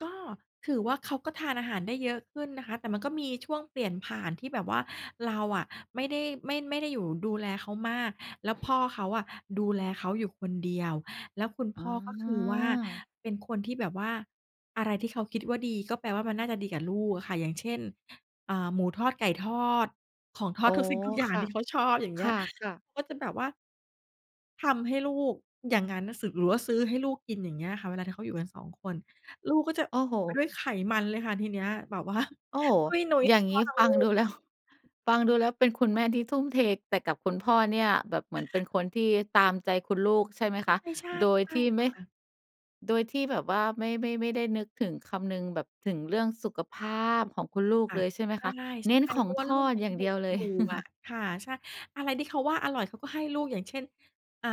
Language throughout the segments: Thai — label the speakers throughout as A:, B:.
A: ก็ถือว่าเขาก็ทานอาหารได้เยอะขึ้นนะคะ แต่มันก็มีช่วงเปลี่ยนผ่านที่แบบว่าเราอะ ไม่ได้ ไม่ ไม่ได้อยู่ดูแลเขามาก แล้วพ่อเขาอะ ดูแลเขาอยู่คนเดียว แล้วคุณพ
B: อ๋
A: ่อ
B: อ
A: ก็คือว่า เป็นคนที่แบบว่า อะไรที่เขาคิดว่าดีก็แปลว่ามันน่าจะดีกับลูกอะค่ะ อย่างเช่น อา หมูทอด ไก่ทอด ของทอ
B: โอ
A: ด
B: ้
A: ทุกสิ่งทุกอย่าง
B: ค่
A: ท
B: ะ
A: ี่เขาชอบ อย่างเง
B: ค
A: ี้ย
B: ่ะ ๆ
A: ก็จะแบบว่า ทำให้ลูกอย่างงั้นน่ะ ส หรือว่าซื้อให้ลูกกิน อย่างเงี้ยค่ะ เวลาถ้าเขาอยู่กัน 2 คน ลูกก็จะ
B: โอ้โฮ
A: ไปด้วยไขมันเลยค่ะทีเนี้ยแบบ ว่า
B: โอ้โฮ
A: ตุ้ยนุ้ย
B: อย
A: ท
B: ่
A: ั
B: า
A: ้ง
B: ง
A: พ
B: ง
A: ่อ
B: ี้
A: ทั้ง
B: ฟ
A: ล
B: ั
A: ู
B: งด
A: ก
B: ูแล้ว ฟังดูแล้วเป็นคุณแม่ที่ทุ่มเท แต่กับคุณพ่อเนี่ยแบบเหมือนเป็นคนที่ตามใจคุณลูกใช่ไหมคะ?
A: ใช่
B: โด
A: ๆ
B: ยที่
A: ๆ
B: ไ
A: ค
B: ม่
A: ่ะ
B: โดยที่แบบว่าไม่ ไม่ ไม่ได้นึกถึง คำนึงแบบถึงเรื่องสุขภาพของคุณลูก
A: ค่ะ
B: เลยใช่ไห
A: ใ
B: มคะ? เน้
A: ช
B: น
A: ่
B: ข
A: ๆ เ
B: อ
A: พ
B: ง
A: ราะว่า
B: ท
A: ลู
B: อ
A: ก
B: ด
A: ยั
B: อย
A: ง
B: ่าง
A: เด
B: เ
A: ็
B: ดี
A: ก
B: ยวเล
A: อย
B: ย
A: ู่อะค่ะ ใช่ อะไรที่เขาว่าอร่อยเขาก็ให้ลูก อย่างเช่น อ่า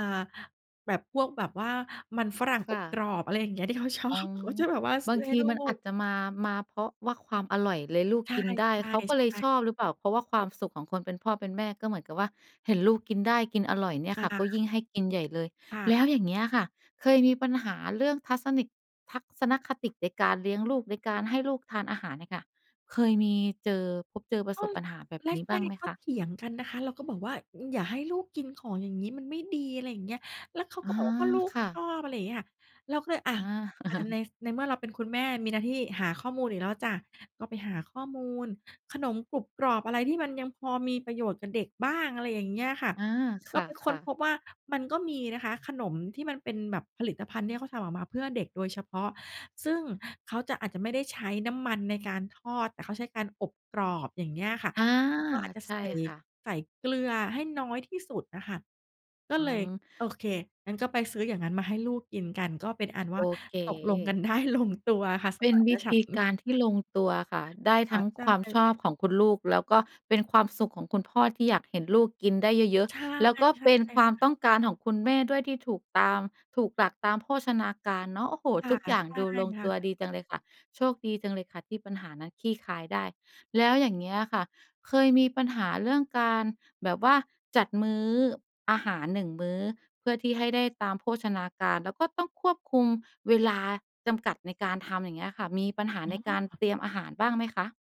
A: แบบพวก แบบว่ามันฝรั่ง
B: ค
A: อ
B: ่
A: บกร
B: ะ
A: อบ อะไรอย่างเงี้ย ที่เขาชอ
B: อ๋อ
A: บ เขาจะแบบว่าซ
B: บ
A: ื
B: า
A: ้
B: ง
A: อใ
B: ท
A: ห้
B: ี
A: ลู
B: มันอ
A: ก
B: าจจะมา มาเพราะว่าความอร่อยเลยลูก
A: ใช
B: กินได้
A: ่
B: เขาก็เลย
A: ๆ
B: ช
A: ๆ
B: อบหรือเปล่า เพราะว่าความสุขของคนเป็นพ่อเป็นแม่ก็เหมือนกับว่า เห็นลูกกินได้ กินอร่อยเนี่ยค
A: อ
B: ่ะ ก็ย
A: า
B: ิ่งให้กินใหญ่เลย
A: ค่ะ
B: แล้วอย่างเงี้ยค่ะ เคยมีปัญหาเรื่องทัศนคติ ทัศนคติในการเลี้ยงลูก ในการให้ลูกทานอาหารเนี่ยค่ะ เคยมีเจอ พบเจอ ปร
A: ก
B: ะ
A: ็
B: สบ
A: ส
B: ปัญหาแบบ
A: แร
B: นี้บ้าง
A: ก
B: ไหม
A: ๆ ก็
B: คะ?
A: เถียงกันนะคะ เราก็บอกว่า "อ อย่าให้ลูกกินของอย่างงี้มันไม่ดี" อะไรอย่างเงี้ย แล้วเขา
B: อ
A: ก
B: า
A: ็บอกว่า "ก็ลูก
B: ค่
A: ช
B: ะ
A: อบ" อะไรอย่างเงี้ยค่ะ เราก็เลยอะ
B: อา
A: ใน ฟ ในเมื่อเราเป็นคุณแม่มีหน้าที่หาข้อมูลอีกแล้วจ้ะ ก็ไปหาข้อมูล ขนมกรุบกรอบอะไรที่มันยังพอมีประโยชน์กับเด็กบ้าง อะไรอย่างเงี้ยค่ะ
B: อา ค
A: ก็ไปค้
B: ่
A: น
B: ะ
A: พ
B: ๆ
A: บว่ามันก็มีนะคะ ขนมที่มันเป็นแบบผลิตภัณฑ์ที่เขาทำออกมาเพื่อเด็กโดยเฉพาะ ซึ่งเขาจะ อาจจะไม่ได้ใช้น้ำมันในการทอดอะ เขาใช้การอบกรอบ อย่างเงี้ยอะค่ะ
B: อา
A: [unintelligible] ก็อาจจะ
B: ใช
A: ใ
B: ่
A: ส่
B: ค่ะ
A: ใส่เกลือให้น้อยที่สุดอะค่ะ ก็
B: อื
A: เลยโอ
B: ม
A: เค งั้นก็ไปซื้ออย่างงั้นมาให้ลูกกินกัน ก็เป็นอันว
B: โ
A: ่
B: อ
A: า
B: เ
A: ตกลงกัน
B: ค
A: ได้ลงตัว ค่ะ ส
B: เป็
A: ม
B: น
A: าน
B: วิ
A: ฉ
B: ธ
A: ั
B: ี
A: นท
B: ก
A: ์
B: ารที่ลงตัวค่ะ ได้
A: ค
B: ท
A: ่
B: ั
A: ะ
B: ้ง
A: ใช
B: ความ
A: ่
B: ชอบของคุณลูก แล้วก็เป็นความสุขของคุณพ่อที่อยากเห็นลูกกินได้เยอะ
A: ใช่
B: ๆ แล้วก็
A: ๆ ค่
B: เป็นความ
A: ะ
B: ต้องการของคุณแม่ด้วยที่ถูกตาม ถูกหลักตามโภชนาการเนาะ โอ้โฮ
A: ค่
B: ท
A: ะ
B: ุกอย่า
A: ๆ
B: ง
A: ใช่
B: ดูลง
A: ค่
B: ตัว
A: ะ
B: ดีจังเลยค่ะ โชคดีจังเลยค่ะ ที่ปัญหานั้นคลี่คลายได้ แล้วอย่างเงี้ยอะค่ะ เคยมีปัญหาเรื่องการ แบบว่าจัดมื้ออาหาร 1 มื้อ เพื่อที่ให้ได้ตามโภชนาการ แล้วก็ต้องควบคุมเวลาจำกัดในการทำอย่างเงี้ยค่ะ มีปัญห
A: อ
B: า
A: ๋
B: ในการ
A: อ
B: เตรียมอาหารบ้างไหมคะ?